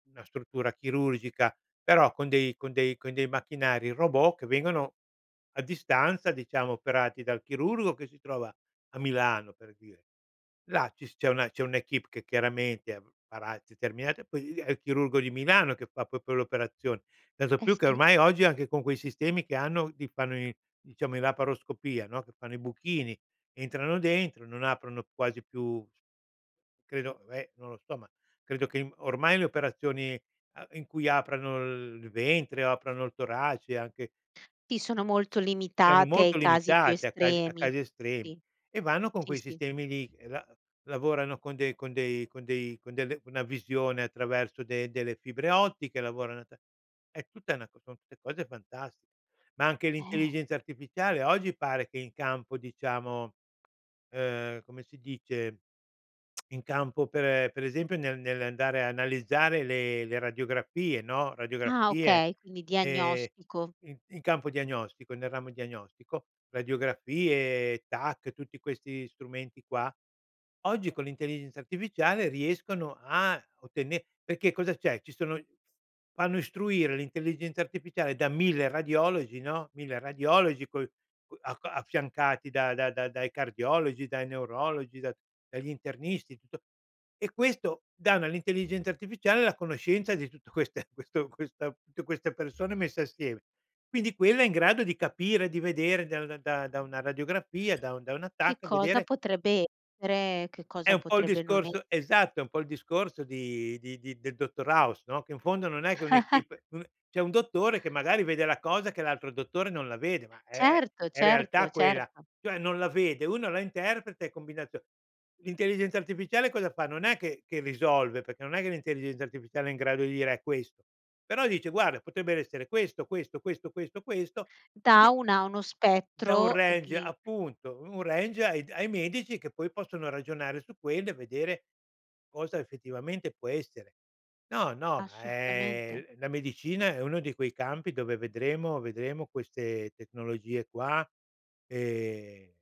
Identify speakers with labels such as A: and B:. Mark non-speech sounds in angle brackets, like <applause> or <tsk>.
A: Una struttura chirurgica, però con dei con dei con dei macchinari robot che vengono a distanza, diciamo, operati dal chirurgo che si trova a Milano, per dire. Là ci s c'è una c'è un'équipe che chiaramente farà determinati poi lì lì è il chirurgo di Milano che fa proprio le operazioni. Tanto
B: Eh
A: più che
B: sì.
A: ormai oggi anche con quei sistemi che hanno ti fanno i diciamo, in laparoscopia, no, che fanno i buchini, entrano dentro, non aprono quasi più, c credo eh, non lo so, ma credo che m ormai le operazioni, uhm, in cui aprano il ventre, aprano il torace, anche
B: Sì, sono molto
A: erano
B: limitate
A: molto
B: ai casi più
A: limitate a casi a
B: estremi.
A: casi estremi
B: Sì.
A: e vanno con
B: Sì,
A: quei
B: sì.
A: sistemi lì, e la lavorano con dei con dei con dei con delle una visione attraverso de delle fibre ottiche, lavoran a ta è tutta una son tutte cose fantastiche. Ma anche
B: Eh.
A: l'intelligenza artificiale oggi pare che in campo, diciamo, uhm, come si dice, <tsk> in campo, per per esempio, ne nell'andare a analizzare le le radiografie, no,
B: Ah,
A: radiografie,
B: okay. Quindi
A: ehm,
B: diagnostico.
A: in in campo diagnostico, nel ramo diagnostico, radiografie, TAC, tutti questi strumenti qua, oggi con l'intelligenza artificiale riescono a ottene perché cosa c'è? Ci sono fanno istruire l'intelligenza artificiale da 1000 radiologi, no, 1000 radiologi poi coi c a affiancati da da dai cardiologi, dai neurologi, da dagli internisti, tutto e questo dà un all'intelligenza artificiale la conoscenza di tutto queste questo questa tutte queste persone messe assieme. Quindi quella è in grado di capire, di vedere da una da da una radiografia, da un da una
B: Che
A: TAC,
B: cosa
A: vedere
B: potrebbe essere, che
A: È
B: cosa
A: un po' il
B: potrebbe non
A: discorso
B: esser
A: esatto, è un po' il discorso di di di del dottor House, no? Che in fondo non è che
B: <chuckles>
A: un'équipe, uhm, c'è un dottore che magari vede la cosa che l'altro dottore non la vede, ma è
B: Certo,
A: è realtà
B: certo,
A: quella,
B: certo.
A: cioè non la vede, uno la interpreta e combinazio l'intelligenza artificiale cosa fa? Non è che che risolve, perché non è che l'intelligenza artificiale è in grado di dire: “È questo”. Però dice: “Guarda, potrebbero essere questo, questo, questo, questo, questo”,
B: Dà
A: quindi
B: una uno
A: Dà un
B: spettro, e
A: range
B: chi
A: appunto, un range ai d ai medici che poi possono ragionare su quello e vedere cosa effettivamente può essere. No, no, ma
B: Assolutamente.
A: è la medicina è uno di quei campi dove vedremo vedremo queste tecnologie qua, ehm